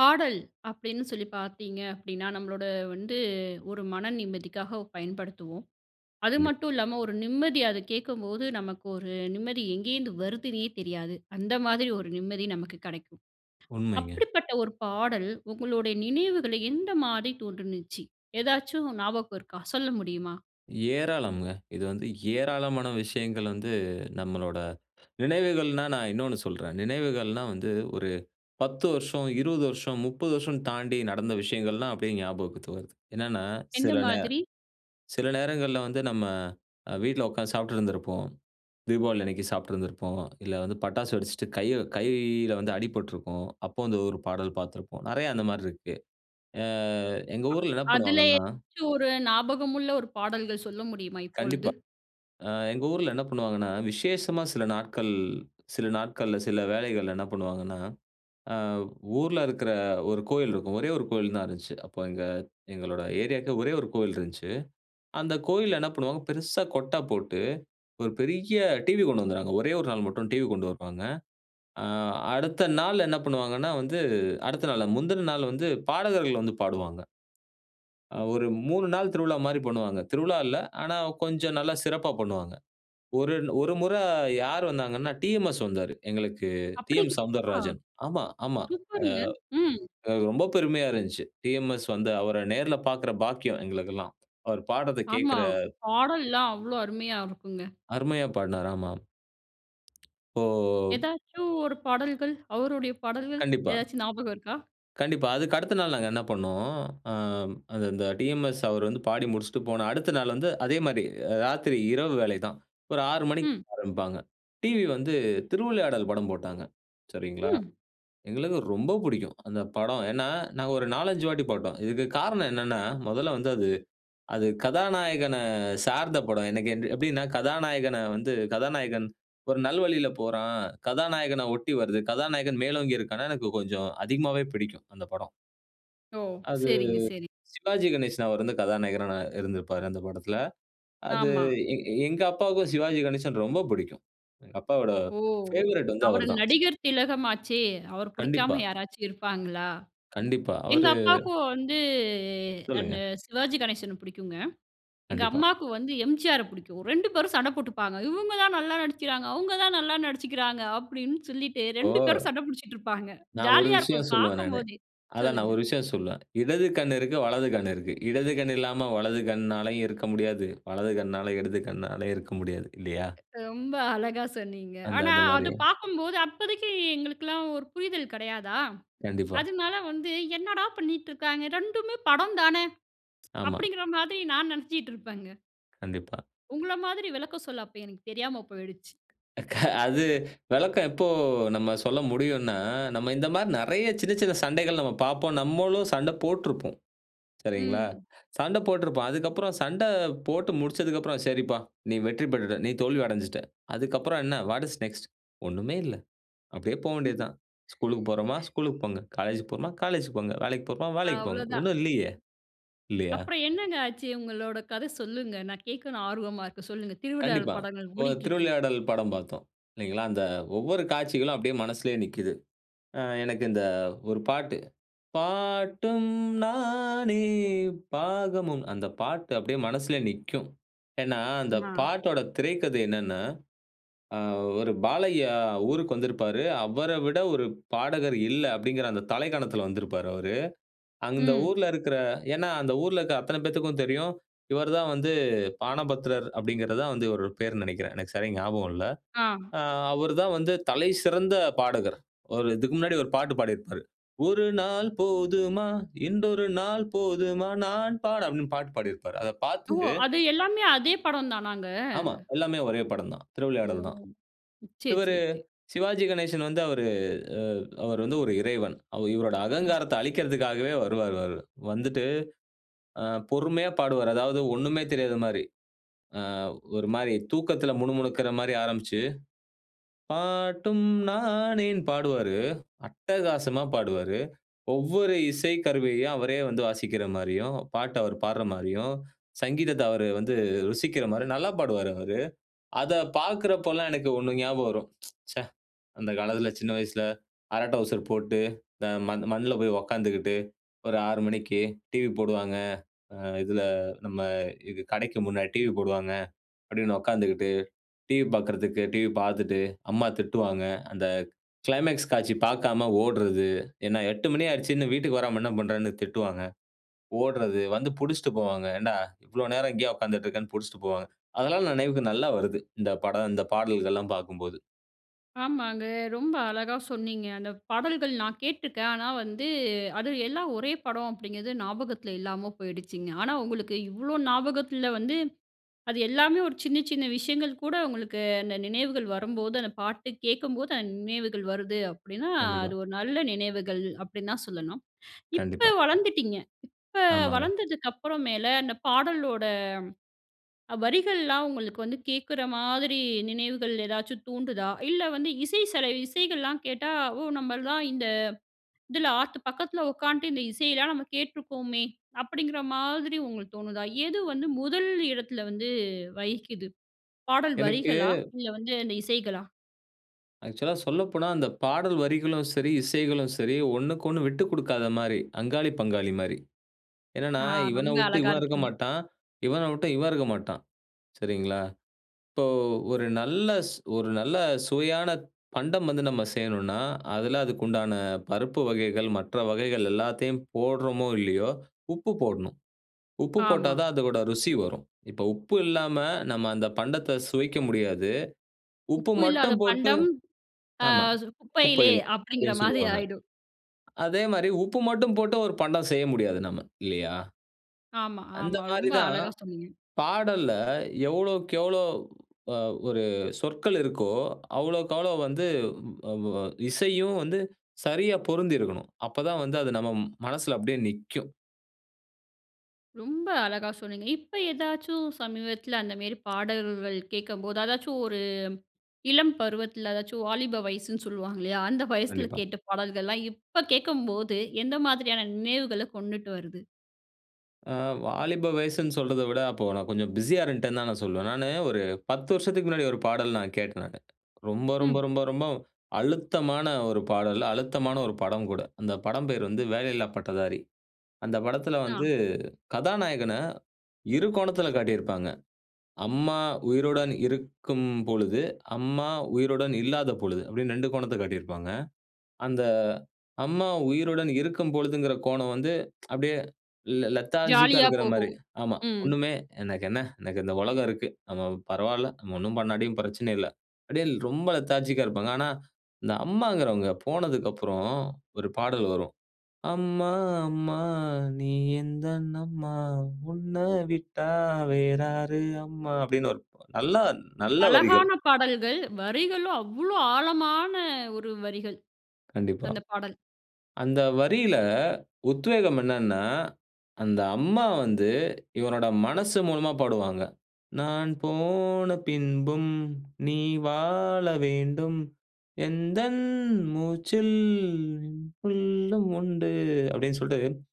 பாடல், அப்படின்னு சொல்லி பார்த்தீங்க அப்படின்னா, நம்மளோட வந்து ஒரு மன நிம்மதிக்காக பயன்படுத்துவோம். அது கண்டிப்பா. மட்டும் இல்லாம ஒரு நிம்மதி அதை கேட்கும்போது, நமக்கு ஒரு நிம்மதி எங்கே இருந்து வருதுன்னே தெரியாது. அந்த மாதிரி ஒரு நிம்மதி நமக்கு கிடைக்கும். உண்மைங்க. அப்படிப்பட்ட ஒரு பாடல் உங்களுடைய நினைவுகளை எந்த மாதிரி தோன்றுச்சு? ஏதாச்சும் ஞாபகம் இருக்கா? சொல்ல முடியுமா? ஏராளம்ங்க. இது வந்து ஏராளமான விஷயங்கள் வந்து நம்மளோட நினைவுகள்ன்னா, நான் இன்னொன்னு சொல்றேன். நினைவுகள்ன்னா வந்து ஒரு 10 வருஷம், 20 வருஷம், 30 வருஷம்னு தாண்டி நடந்த விஷயங்கள்லாம் அப்படியே ஞாபகத்திற்கு வருது. என்னன்னா எந்த சில நேர மாதிரி? சில நேரங்கள்ல வந்து நம்ம வீட்ல உட்கார்ந்து சாப்பிட்டு இருந்திருப்போம். தீபாவளி அன்னைக்கு சாப்பிட்டுருந்துருப்போம். இல்ல வந்து பட்டாசு வெடிச்சுட்டு கை கையில வந்து அடிபட்டிருக்கும். அப்போ வந்து ஒரு பாடல் பார்த்திருப்போம். நிறைய அந்த மாரி இருக்கு. அ எங்க ஊர்ல என்ன அ-அதுல பண்ணுவாங்கன்னா ஏதாச்சும் ஒரு ஞாபகம் உள்ள ஒரு பாடல்கள் சொல்ல முடியுமா இப்பொழுது? கண்டிப்பா, அ எங்க ஊர்ல என்ன பண்ணுவாங்கன்னா, விசேஷமா சில நாட்கள் சில நாட்கள்ல சில வேலைகள்ல என்ன பண்ணுவாங்கன்னா, அ ஊர்ல இருக்கிற 1 கோவில் இருக்கும். ஒரே 1 கோயில் தான் இருந்தது. அப்போ எங்க எங்களோட ஏரியாவுக்கு ஒரே 1 கோவில் இருந்ததுச்சு. அந்த கோவில்ல என்ன பண்ணுவாங்க? பெருசா கொட்டை போட்டு ஒரு பெரிய டிவி கொண்டு வந்துடுவாங்க. ஒரே 1 நாள் மட்டும் டிவி கொண்டு வருவாங்க. ஆ, அடுத்த நாள் என்ன பண்ணுவாங்கன்னா, வந்து அடுத்த நாள் முந்தின நாள் வந்து பாடகர்கள் வந்து பாடுவாங்க. அ ஒரு 3 நாள் திருவிழா மாரி பண்ணுவாங்க. திருவிழா இல்ல ஆனா கொஞ்சம் நல்லா சிறப்பா பண்ணுவாங்க. ஒரு ஒரு முறை யார் வந்தாங்கன்னா, டிஎம்எஸ் வந்தாரு, எங்களுக்கு அப்படிங்களா? டி.எம்.சௌந்தரராஜன். ஆமா, ஆமா சூப்பருங்க ம். அ ரொம்ப பெருமையா இருந்துச்சு. டிஎம்எஸ் வந்து அவரை நேர்ல பார்க்குற பாக்கியம் எங்களுக்கெல்லாம். அவர் பாடறத்தை ஆமா, கேட்கிற பாடல்லாம் அவ்வளோ அருமையா இருக்குங்க. அருமையா பாடினாரு ஆமா. ஓ! ஏதாச்சும் ஒரு பாடல்கள் அவருடைய பாடல்கள், கண்டிப்பா. ஏதாச்சும் ஞாபகம் இருக்கா? கண்டிப்பா அதுக்கடுத்த நாள் நாங்க என்ன பண்னோம். ஆ அது அந்த டிஎம்எஸ் அவர் வந்து பாடி முடிச்சுட்டு போன அடுத்த நாள் வந்து அதே மாதிரி ராத்திரி இரவு வேலை தான். ஒரு 6 மணிக்கு ம். ஆரம்பிப்பாங்க. டிவி வந்து திருவிளையாடல் படம் போட்டாங்க சரிங்களா? ம். எங்களுக்கு ரொம்ப பிடிக்கும் அந்த படம். ஏன்னா, நாங்க ஒரு 4,5 வாட்டி போட்டோம். இதுக்கு காரணம் என்னன்னா, மொதல்ல வந்து அது அது கதாநாயகன சார்ந்த படம். எனக்கு எப்படின்னா, கதாநாயகன வந்து கதாநாயகன் ஒரு நல்வழியில போறான். கதாநாயகன ஒட்டி வருது. கதாநாயகன் மேலோங்கி இருக்கான்னா எனக்கு கொஞ்சம் அதிகமாவே பிடிக்கும் அந்த படம். ஓ! அது சரிங்க, சரிங்க. சிவாஜி கணேசன். அவர் வந்து கதாநாயகரா நா இருந்திருப்பாரு அந்த படத்தில. அது ஆமா. எ எ எங்க அப்பாவுக்கும் சிவாஜி கணேசன் ரொம்ப பிடிக்கும். எங்க அப்பாவோட ஓ! பேவரைட் வந்து அவரு அவருதான். நடிகர் திலகம் ஆச்சே, அவர் கண்டிப்பா. பிடிக்காம யாராச்சும் இருப்பாங்களா? கண்டிப்பா எங்க அவரு. அப்பாவுக்கும் வந்து சொல்லுங்க. அந்த சிவாஜி கணேசனை பிடிக்குங்க. எங்க கண்டிப்பா. அம்மாவுக்கு வந்து எம்.ஜி.ஆரை பிடிக்கும். 2 பேரும் சண்டை போட்டுப்பாங்க. "இவங்க தான் நல்லா நடிச்சுக்கிறாங்க. அவங்க தான் நல்லா நடிச்சிக்கிறாங்க" அப்படின்னு சொல்லிட்டு 2 இப்போ பேரும் சண்டை பிடிச்சிட்டு இருப்பாங்க. நான் ஒரு ஜாலியா இருக்கும் விஷயம் சொல்லுவேன் நானு பார்க்கும்போதே. அதான் நான் சொல்லுங்க. ஒரு விஷயம் சொல்லுவேன். இடது கண் இருக்கு வலது கண் இருக்கு. இடது கண் இல்லாம வலது கண்ணாலயும் இருக்க முடியாது. வலது கண்ணால இடது கண்ணாலயும் இருக்க முடியாது. இல்லையா? ரொம்ப அழகா சொன்னீங்க. அந்த ஆனா அது மாதிரி. அது பார்க்கும்போது அப்போதைக்கு எங்களுக்கு எல்லாம் ஒரு புரிதல் கிடையாதா? கண்டிப்பா. அதனால வந்து என்னடா பண்ணீட்டு இருக்காங்க. 2மே படம் தானே ஆமா. அப்படிங்கிற மாரி நான் நெனச்சிட்டு இருப்பேங்க. கண்டிப்பா. உங்கள மாதிரி விளக்கம் சொல்ல அப்போ எனக்கு தெரியாம போய்டுச்சு. க அது விளக்கம் எப்போ நம்ம சொல்ல முடியுன்னா, நம்ம இந்த மாரி நிறையா சின்ன சின்ன சண்டைகள் நம்ம பார்ப்போம். நம்மளும் சண்டை போட்டிருப்போம். சரிங்களா, ம். சண்டை போட்டிருப்போம். அதுக்கப்புறம் சண்டை போட்டு முடிச்சதுக்கப்புறம். சரிப்பா, நீ வெற்றி பெற்றுட்டே, நான் தோல்வி அடைஞ்சுட்ட. அதுக்கப்புறம், என்ன வாட் இஸ் நெக்ஸ்ட்? ஒண்ணுமே இல்ல. அப்படியே போக வேண்டியது தான். ஸ்கூலுக்கு போறோமா, ஸ்கூலுக்கு போங்க காலேஜ் போறோமா காலேஜ்க்கு போங்க. வேலைக்கு போறோமா வேலைக்கு அவ்ளோ போங்க. தான். ஒன்னும் இல்லையே. இல்லையா! அப்புறம் என்னங்க ஆச்சு உங்களோட கதை சொல்லுங்க. நான் கேட்கணும் ஆர்வமா இருக்கேன் சொல்லுங்க. திருவிளையாடல் கண்டிப்பா. படம் அங்க ஒரு ஓடிக்கிட்டு இருக்கு. திருவிளையாடல் படம் பார்த்தோம் இல்லைங்களா, அந்த ஒவ்வொரு காட்சிகளும் அப்படியே மனசுலேயே நிக்கிது. ஆ, எனக்கு இந்த ஒரு பாட்டு, பாட்டும் நானே பாகமும். அந்த பாட்டு அப்படியே மனசில நிக்கும். ஏன்னா அந்த ஆ. பாட்டோட திரைக்கதை என்னென்னா அ ஒரு பாலையா ஊருக்கு வந்திருப்பாரு. அவரை விட ஒரு பாடகர் இல்ல அப்படிங்கிற அந்த தலைக்கணத்தில வந்திருப்பாரு அவரு. அந்த ம். ஊர்ல இருக்கிற, ஏன்னா, அந்த ஊர்ல இருக்கிற அத்தனை பேருக்கும் தெரியும். இவரு தான் வந்து பாணபத்திரர் அப்படிங்கிறது. தான் வந்து இவர் பெயர்ன்னு நினைக்கிறேன். எனக்கு சரியா ஞாபகம் இல்ல. ஆ. ஆ அவரு தான் வந்து தலை சிறந்த பாடகர். ஒரு இதுக்கு முன்னாடி ஒரு பாட்டு பாடியிருப்பாரு. ஒரு நாள் போதுமா? இன்றொரு நாள் போதுமா? நான் பாட அப்படின்னு பாட்டு பாடியிருப்பாரு. அதைப் ஓ! பார்த்து அது எல்லாமே அதே படம் தானாங்க. ஆமா. எல்லாமே ஒரே படம் தான். ஓ! திருவிளையாடல் தான். சரி, இவரு சரி, சரி. சிவாஜி கணேசன் வந்து அவரு அ அவரு வந்து ஒரு இறைவன். அவு இவருடைய ம். அகங்காரத்தை அளிக்கற்துக்காகவே வருவாரு. வரு வந்துட்டு ஆ பொறுமையா பாடுவாரு. அதாவது ஒன்னுமே தெரியாத மாதிரி. ஆ ஒரு மாதிரி தூக்கத்தில முணு முணுக்கிற மாதிரி ஆரம்பிச்சு, பாட்டும் நானே பாடுவாரு. அட்டகாசமா பாடுவாரு. ஒவ்வொரு இசை கருவியையும் அவரே வந்து வாசிக்கிற மாரியும், பாட்டை அவர் பாடுற மாரியும், சங்கீதத்தை அவர் வந்து ருசிக்கிற மாதிரி நல்லா பாடுவாரு, அவரு அதை பார்க்குறப்போலாம் எனக்கு ஒண்ணு ஞாபகம் வரும். ச்சே அந்த காலத்தில சின்ன வயசுல அரடவுசர் போட்டு த மண் மண்ணில போய் உக்கார்ந்துட்டு, ஒரு 6 மணிக்கு டிவி போடுவாங்க. அ இதில நம்ம இது கடைக்கு முன்னாடி டிவி போடுவாங்க. அப்படின்னு உக்கார்ந்துட்டு டிவி பார்க்கறதுக்கு டிவி பார்த்துட்டு அம்மா திட்டுவாங்க. அந்த கிளைமேக்ஸ் காட்சி பார்க்காம ஓடுறது. ஏன்னா 8 மணி ஆயிடுச்சு இன்னும் வீட்டுக்கு வராம என்ன பண்ணுறேன்னு திட்டுவாங்க? ஓடுறது வந்து பிடிச்சுட்டு போவாங்க. ஏன்டா இவ்ளோ நேரம் இங்கேயே உட்காந்துட்டு இருக்கேன்னு, பிடிச்சுட்டு போவாங்க. அதெல்லாம் நினைவுக்கு நல்லா வருது. இந்த படம் இந்த பாடல்கள்லாம் பார்க்கும்போது. ஆமாங்க ரொம்ப அழகா சொன்னீங்க. அந்த பாடல்கள் நான் கேட்ருக்கேன். ஆனா வந்து, அது எல்லாம் ஒரே படம் அப்டிங்றது ஞாபகத்துல இல்லாம போயிடுச்சுங்க. ஆனா உங்களுக்கு இவ்ளோ ஞாபகத்துல வந்து, அது எல்லாமே ஒரு சின்ன சின்ன விஷயங்கள் கூட, உங்களுக்கு அந்த நினைவுகள் வரும்போது அந்த பாட்டு கேட்கும்போது, அந்த நினைவுகள் வருது அப்டின்னா, கண்டிப்பா. அது ஒரு நல்ல நினைவுகள் அப்டின்னு தான் சொல்லணும். இப்ப கண்டிப்பா. வளர்ந்துட்டீங்க. இப்ப ஆமாங்க. வளர்ந்ததுக்கப்புற மேல, அந்த பாடலோட வரிகள்லாம் உங்களுக்கு வந்து கேக்குற மாதிரி நினைவுகள் ஏதாச்சும் தூண்டுதா? இல்ல வந்து இசை செல இசைகள்லாம் கேட்டா ஓ நம்மள்லாம் இந்த இதுல ஆத்து பக்கத்துல உக்காந்துட்டு, இந்த இசையெல்லாம் நம்ம கேட்ருக்கோமே, அப்படிங்கிற மாதிரி உங்களுக்கு தோணுதா? எது வந்து முதல் இடத்துல வந்து வகிக்குது ?பாடல் எனக்கு வரிகளா? இல்ல வந்து அந்த இசைகளா? ஆக்சுவலா சொல்லப்போனா, அந்த பாடல் வரிகளும் சரி, இசைகளும் சரி ஒண்ணுக்கொன்னு விட்டு கொடுக்காத மாரி. அங்காளி, பங்காளி மாரி. என்னென்னா ஆ இவன ரொம்ப விட்டு அழகா இவன் இருக்க இருக்கும். மாட்டான், இவன விட்டு இவன் இருக்க மாட்டான். சரிங்களா? இப்போ ஒரு நல்ல ஸ் ஒரு நல்ல சுவையான பண்டம் வந்து நம்ம செய்யணுன்னா, அதுல அதுக்கு உண்டான பருப்பு வகைகள், மற்ற வகைகள் எல்லாத்தையும் போட்றோமோ இல்லயோ உப்பு போடணும். உப்பு போட்டா ஆமா. தான் அதோட ருசி வரும். இப்போ உப்பு இல்லாம நம்ம அந்த பண்டத்த சுவைக்க முடியாது. உப்பு உப்பு இல்லாத மட்டும் போட்டு, பண்டம் அ ஆமா குப்பையிலே குப்பையில அப்டின்கிற அப்டின்னு மாதிரி சொல்லுவாங்க. ஆயிடும். அதே மாரி உப்பு மட்டும் போட்டு ஒரு பண்டம் செய்ய முடியாது நம்ம, இல்லயா? ஆமா, அந்த ஆமா மாரி ரொம்ப தான் அழகா சொன்னீங்க. பாடல்ல எவ்வளவுக்கு எவ்ளோ ஆ ஒரு சொற்கள் இருக்கோ அவ்வளவுக்கு அவ்ளோ வந்து அ வ இசையும் வந்து சரியா பொருந்தியிருக்கணும். அப்பதான் வந்து அது நம்ம மனசுல அப்டியே நிக்கும். ரொம்ப அழகா சொன்னீங்க. இப்ப ஏதாச்சும் சமீபத்தில அந்த மேரி பாடல்கள் கேக்கம்போது அதாச்சும் ஒரு இளம் பருவத்துல அதாச்சும் வாலிப வயசுன்னு சொல்வாங்க இல்லையா, அந்த வயசுல கண்டிப்பா. கேட்ட பாடல்கள்லாம், இப்ப கேக்கும்போது எந்த மாதிரியான நினைவுகள கொண்டுட்டு வருது? அ வாலிப வயசுன்னு சொல்றத விட அப்போ நான் கொஞ்சம் பிஸியா இருந்டேன்னு தான் நான் சொல்லுவேன். நானு ஒரு 10 வருஷத்துக்கு முன்னாடி ஒரு பாடல் நான் கேட்டேன் நானு. ரொம்ப ரொம்ப ம். ரொம்ப ரொம்ப அழுத்தமான ஒரு பாடல், அழுத்தமான ஒரு படம் கூட. அந்த படம் பேர் வந்து வேலையில்லா பட்டதாரி அந்த படத்ல ஆ. வந்து கதாநாயகன இரு கோணத்ல காட்டியிருப்பாங்க. அம்மா உயிருடன் இருக்கும் பொழுது, அம்மா உயிருடன் இல்லாத பொழுது அப்டின்னு 2 கோணத்த காட்டியிருப்பாங்க. அந்த அம்மா உயிருடன் இருக்கும் பொழுதுங்கிற கோணம் வந்து அப்படியே லெ லெ லெதார்ஜிக்கா ஜாலியா இருக்குற போகும். மாரி ஆமா, ம். ஒண்ணுமே "எனக்கென்ன, எனக்கு இந்த உலகம் இருக்கு, நம்ம பரவால்லை, நம்ம ஒண்ணும் பண்ணாட்டியும் பிரச்சனை இல்லை" அப்டியே ரொம்ப லெதார்ஜிக்கா இருப்பாங்க. ஆனா இந்த அம்மாங்கிறவங்க போனதுக்கு அப்புறம் ஒரு பாடல் வரும், “அம்மா, அம்மா, நீ எந்தன் அம்மா, உன்ன விட்டா வேறாரு அம்மா” அப்படின்னு வரும் நல்லா நல்ல வரிகள். அழகான பாடல்கள், வரிகளும் அவ்ளோ ஆழமான ஒரு வரிகள். கண்டிப்பா. அந்த பாடல். அந்த வரியில உத்வேகம் என்னன்னா, அந்த அம்மா வந்து இவனோட மனசு மூலமா பாடுவாங்க. "நான் போன பின்பும் நீ வாழ வேண்டும். எந்தன் மூச்சில் உனக்குள்லும் உண்டு" அப்படின் சொல்ட்டு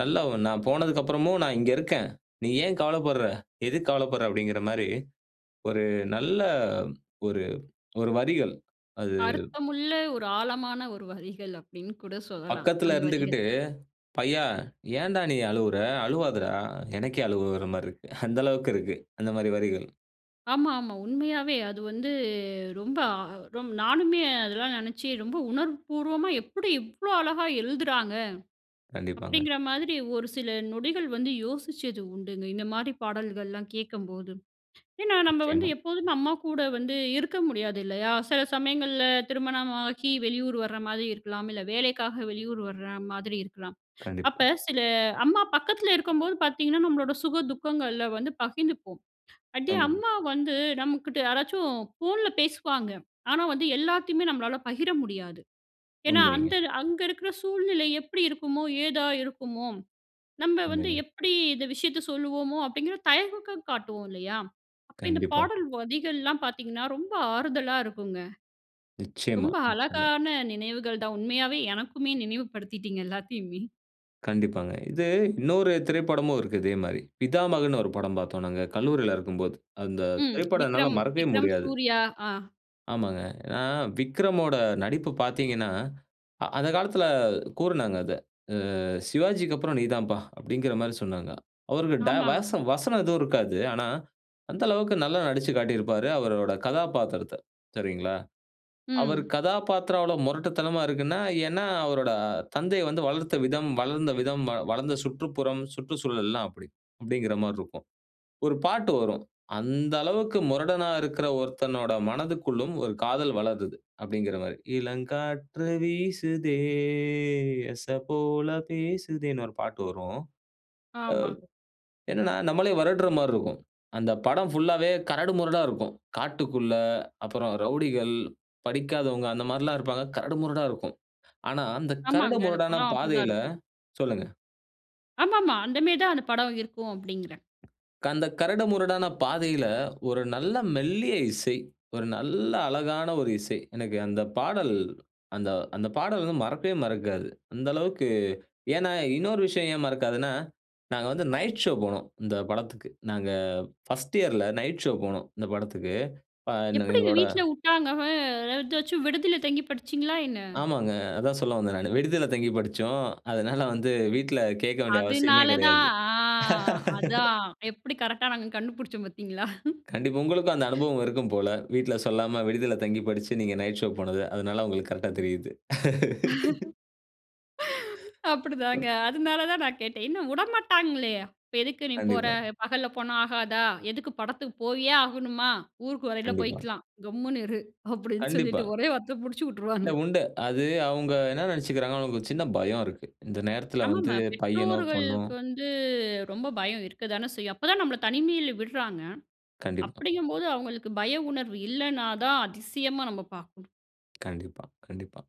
நல்லா "நான் போனதுக்கப்றமும் நான் இங்க இருக்கேன். நீ ஏன் கவலைப்படுற? எதுக்கு கவலைப்படுற?" அப்படிங்குற மாரி ஒரு நல்ல ஒரு ஒரு வரிகள் அது அர்த்தமுள்ள ஒரு ஆழமான ஒரு வரிகள் அப்படின்னு கூட சொல்லலாம். பக்கத்தில அந்த வரிகள். இருந்துகிட்டு "பையா ஏன்டா நீ அழுவுற அழுவாதறா எனக்கே அழுக வர்ற மாரி இருக்கு". அந்த அளவுக்கு இருக்கு அந்த மாரி வரிகள். ஆமா, ஆமா. உண்மையாவே அது வந்து ரொம்ப அ நானுமே அதெல்லாம் நெனச்சு, "ரொம்ப உணர்வு பூர்வமா எப்படி இவ்ளோ அழகா எழுதுறாங்க?" கண்டிப்பாங்க. அப்படிங்கிற மாதிரி ஒரு சில நொடிகள் வந்து யோசிச்சது உண்டுங்க. இந்த மாரி பாடல்கள்லாம் கேட்கம்போது. ஏன்னா, நம்ம வந்து நிச்சயமா. எப்போதுமே அம்மா கூட வந்து இருக்க முடியாது இல்லையா? சில சமயங்கள்ல திருமணமாகி வெளியூர் வர்ற மாதிரி இருக்கலாம். இல்ல வேலைக்காக வெளியூர் வர்ற மாதிரி இருக்கலாம். அப்ப கண்டிப்பா. சில அம்மா பக்கத்தில இருக்கும்போது பார்த்தீங்கன்னா, நம்மளோட சுக துக்கங்கள்ல வந்து பகிர்ந்துப்போம். அப்படியே ஆமாங்க. அம்மா வந்து நம்ம கிட்ட யாராச்சும் ஃபோன்ல பேசுவாங்க. ஆனா வந்து, எல்லாத்தையுமே நம்மளால பகிர முடியாது. ஏன்னா? உண்மைங்க. அந்த அங்க இருக்கற சூழ்நிலை எப்படி இருக்குமோ? ஏதா இருக்குமோ? நம்ம வந்து உண்மைங்க. எப்படி இந்த விஷயத்த சொல்வோமோ? அப்படிங்கிற தயக்கம் காட்டுவோம் இல்லையா? அப்போ இந்த கண்டிப்பா. பாடல் வரிகள்லாம் பார்த்தீங்கன்னா, ரொம்ப ஆறுதலா இருக்குங்க. நிச்சயமா, ரொம்ப நிச்சயமா. அழகான நினைவுகள் தான். உண்மையாவே எனக்குமே நினைவு படுத்திட்டீங்க எல்லாத்தையுமே. கண்டிப்பாங்க. இது இன்னொரு திரைப்படமும் இருக்கு. இதே மாதிரி பிதாமகன்னு ஒரு படம் பார்த்தோம் நாங்க கல்லூரியில இருக்கும்போது. அந்த ம். திரைப்படம் என்னால விக்ரம் மறக்கவே விக்ரம். முடியாது. சூர்யா. ஆ ஆமாங்க. ஏன்னா, விக்ரமோட நடிப்பு பார்த்தீங்கன்னா, அ அந்த காலத்தில கூறுனாங்க அத. அ "சிவாஜிக்கு அப்புறம் நீ தாம்ப்பா" அப்படிங்க்கிற மாதிரி சொன்னாங்க. அவருக்கு டய ஆமாங்க. வச வசனம் எதுவும் இருக்காது. ஆனா, அந்த அளவுக்கு நல்லா நடிச்சுக் காட்டியிருப்பாரு, அவருடைய கதாபாத்திரத்த. சரிங்களா? அவரு ம். கதாபத்திரம் அவ்வளோ முரட்டுத்தனமா இருக்குன்னா, ஏன்னா, அவருடைய தந்தை வந்து வளர்த்த விதம், வளர்ந்த விதம், வ வளர்ந்த சுற்றுப்புறம் சுற்றுச்சூழல்லாம் அப்படி. அப்படிங்கிற மாரி இருக்கும். ஒரு பாட்டு வரும். "அந்த அளவுக்கு முரடனா இருக்கிற ஒருத்தனோட மனதிற்குள்ளும் ஒரு காதல் வளருது" அப்படிங்கிற மாதிரி, இளங்காற்று வீசுதே, எச போல பேசுதேன்னு ஒரு பாட்டு வரும். அ ஆமா. என்னன்னா, நம்மளே வருடுற மாதிரி இருக்கும். அந்த படம் புல்லாவே கரடு முரடா இருக்கும். காட்டுக்குள்ளே, அப்புறம் ரவுடிகள், படிக்காதவங்க அந்த மாரிலாம் இருப்பாங்க. கரடு முரடா இருக்கும். ஆனா அந்த கரடு ஆமாங்க. அந்த முரடான படம் அப்படி தான் பாதையில இருக்கும். சொல்லுங்க. ஆமாமா. அந்த மாதிரி தான் அந்த படம் இருக்கும் அப்டிங்கிறேன். அந்த கரடு முரடான பாதையில, ஒரு நல்ல மெல்லிய இசை, ஒரு நல்ல அழகான ஒரு இசை. எனக்கு அந்த பாடல் அந்த அந்த பாடல் வந்து மறக்கவே மறக்காது. அந்த அளவுக்கு ஏன்னா இன்னொரு விஷயம் ஏன் மறக்காதுன்னா, நாங்க வந்து நைட் ஷோ போனோம். இந்த படத்துக்கு. நாங்க அ 1 இயர்ல நைட் ஷோ போனோம். இந்த படத்துக்கு அ ந எப்படிங்க எங்களோட, வீட்ல உட்டாங்க? அ எதாச்சும் விடுதில தங்கி படிச்சீங்களா என்ன? ஆமாங்க, அதான் சொல்ல வந்தேன் நானு விடுதில தங்கி படிச்சோம். அதனால வந்து வீட்ல கேக்க வேண்டிய அவசியமே அதுனால கிடையாது. தான்! அ அதான்! எப்படி கரெக்ட்டா நாங்க கண்டு புடிச்சோம் பாத்தீங்களா? கண்டிப்பா. உங்களுக்கும் அந்த அனுபவம் இருக்கும் போல? வீட்ல சொல்லாம விடுதில தங்கி படிச்சு நீங்க நைட்ஷோ போனது. அதனால உங்களுக்கு கரெக்ட்டா தெரியுது. அப்படிதாங்க, அதுனால தான் நான் கேட்டேன், ஏன்னா உடமாட்டாங்களே, "இப்ப எதுக்கு நீ போற? கண்டிப்பா. பகல்ல போனா ஆகாதா? எதுக்கு படத்துக்கு போயே ஆகணுமா? ஊருக்கு வரையில கண்டிப்பா. போய்க்கலாம், கம்முனு இரு," அப்படின்னு கண்டிப்பா. சொல்லிட்டு ஒரே வார்த்த முடிச்சு இல்ல, உட்டுருவாங்க. உண்டு. அது அவுங்க என்னா நெனச்சுக்குறாங்கன்னா, அவுங்க ஒரு சின்ன பயம் இருக்கு. இந்த நேரத்ல ஆமா, வந்து ஆமா. பையனோ பெண்ணோ பெற்றோர்களுக்கு வந்து ரொம்ப பயம் இருக்க தானே செய்யும். அப்ப தான் நமபள தனிமையில விடுறாங்க கண்டிப்பா. அப்படிங்கும்போது, அவுங்களுக்கு பய உணர்வு இல்லைனா தான், அதிசயமா நம்ம பார்க்கணும். கண்டிப்பா, கண்டிப்பா.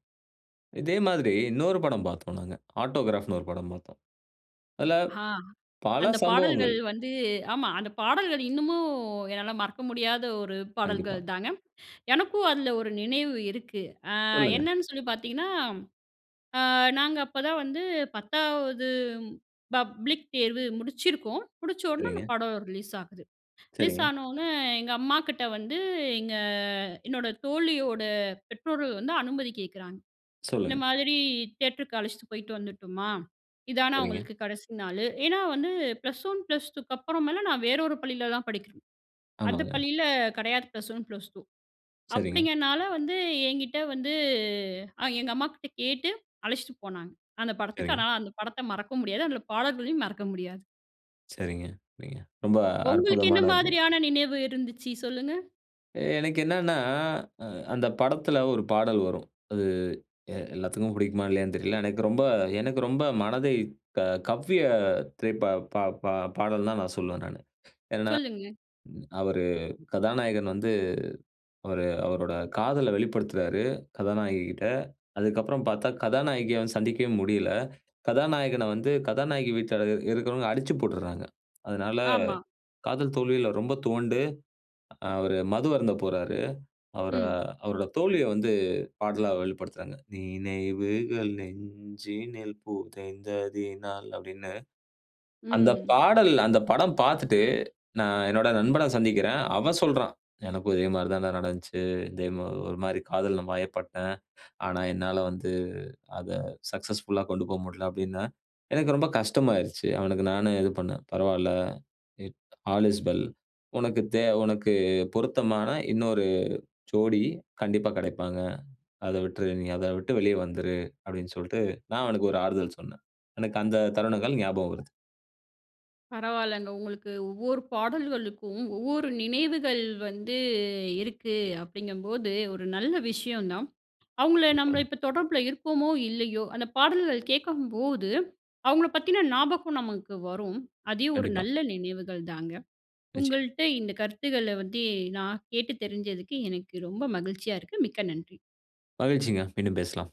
இதே மாதிரி இன்னொரு படம் பாத்தோம் நாங்க. ஆட்டோகிராஃப்ன்னு ஒரு படம் பாத்தோம். அதுல ஆ. பல அந்த சம்பவங்கள். பாடல்கள் வந்து, ஆமா, அந்த பாடல்கள் இன்னமு என்னால மறக்க முடியாத ஒரு கண்டிப்பா. பாடல்கள் தாங்க. எனக்கும் அதுல ஒரு நினைவு இருக்கு. அ சொல்லுங்க. என்னான்னு சொல்லி பாத்தீங்கன்னா, அ நாங்க அப்பதான் வந்து பத்தாவது பப்ளிக் தேர்வு முடிச்சிருக்கோம். முடிச்ச உடன அந்த சரிங்க. படம் ரிலீஸ் ஆகுது. ரிலீஸ் சரிங்க. ஆனொன்ன எங்க அம்மாகிட்ட வந்து, எங்க என்னோட தோழியோட பெற்றோர்கள் வந்து அனுமதி கேக்கறாங்க "இந்த சொல்லுங்க. மாதிரி தியேட்டருக்கு அழைச்சிட்டு போய்ட்டு வந்துட்டுமா, இதான சரிங்க. அவுங்களுக்கு கடைசி நாளு?" ஏன்னா, வந்து ப்ளஸ் 1 ப்ளஸ் 2 அப்புறமேல நான் வேறு ஒரு பள்ளில தான் படிக்கறேன் அந்த ஆமாங்க. பள்ளியில கடையாது ப்ளஸ் 1 ப்ளஸ் 2. சரிங்க. அப்டிங்கனால வந்து என்கிட்டே வந்து அ எங்க அம்மாகிட்ட கேட்டு அழைச்சிட்டு போனாங்க அந்த படத்துக்கு. சரிங்க. அதனா அந்த படத்த மறக்க முடியாது. அதனால பாடல்களையும் மறக்க முடியாது. சரிங்க, சரிங்க, ரொம்ப உங்களுக்கு என்ன அற்புதமானது. மாதிரியான நினைவு இருந்துச்சு? சொல்லுங்க. எனக்கு என்னன்னா, அ அந்த படத்துல ஒரு பாடல் வரும் அது எ எல்லாத்துக்கும் பிடிக்குமா இல்லையான்னு தெரியல. எனக்கு ரொம்ப எனக்கு ரொம்ப மனதை க கவ்விய திரைப்பா பா பா பாடல் தான் நான் சொல்லுவேன் நானு. ஏன்னா சொல்லுங்க. அவர் கதாநாயகன் வந்து அவர் அவரோட காதல வெளிப்படுத்துறாரு கதாநாயககிட்ட. அதுக்கப்புறம் பார்த்தா கதாநாயகிய வந்து சந்திக்கவே முடியல. கதாநாயகன வந்து கதாநாயகி வீட்ல இருக் இருக்கிறவங்க அடிச்சு போட்டுடுறாங்க. அதனால ஆமா. காதல் தோல்வியில ரொம்ப துவண்டு அவரு மதுவருந்த போறாரு. அவரை ம். அவருடைய தோல்விய வந்து பாடலா வெளிப்படுத்துறாங்க. நினைவுகள் நெஞ்சினில் புதைய்ந்ததினால். அப்படின்னு. அந்த ம். பாடல் அந்த படம் பார்த்துட்டு நான் என்னுடைய நண்பன சந்திக்கிறன். அவன் சொல்றான். எனக்கும் இதே மாதிரி தான் நடந்துச்சு. இதே ஒரு மாதிரி காதல் வயைப் பட்டேன். ஆனா என்னால வந்து அத சக்சஸ்ஃபுல்லா கொண்டு போ முடியல அப்படின்னா. எனக்கு ரொம்ப கஷ்டமாயிடுச்சு. அவனுக்கு நானும் இது பண்னேன். பரவாயில்ல. All is well. "உனக்கு தே உனக்கு பொருத்தமான இன்னொரு ஜோடி கண்டிப்பா கிடைப்பாங்க. அத விட்டுரு, நீ அத விட்டு வெளிய வந்துரு அப்படின்னு சொல்லிட்டு, நான் அவனுக்கு ஒரு ஆறுதல் சொன்னேன்." எனக்கு அந்த தருணங்கள் ஞாபகம் வருது. பரவாயில்லங்க, உங்களுக்கு ஒவ்வொரு பாடல்களுக்கும், ஒவ்வொரு நினைவுகள் வந்து இருக்கு அப்படிங்கும்போது ஒரு நல்ல விஷயம் தான். அவங்கள நம்மள [unintelligible] இப்போ தொடர்பில இருப்போமோ இல்லையோ, அந்த பாடல்கள் கேட்கும்போது அவங்களை பத்தின ஞாபகம் நமக்கு வரும். அதே ஒரு கண்டிப்பா. நல்ல நினைவுகள் தாங்க. நிச்சயம். உங்கள்ட்ட இந்த கருத்துக்கள வந்து நான் கேட்டு தெரிஞ்சதுக்கு, எனக்கு ரொம்ப மகிழ்ச்சியா இருக்கு. மிக்க நன்றி. மகிழ்ச்சிங்க. மீண்டும் பேசலாம்.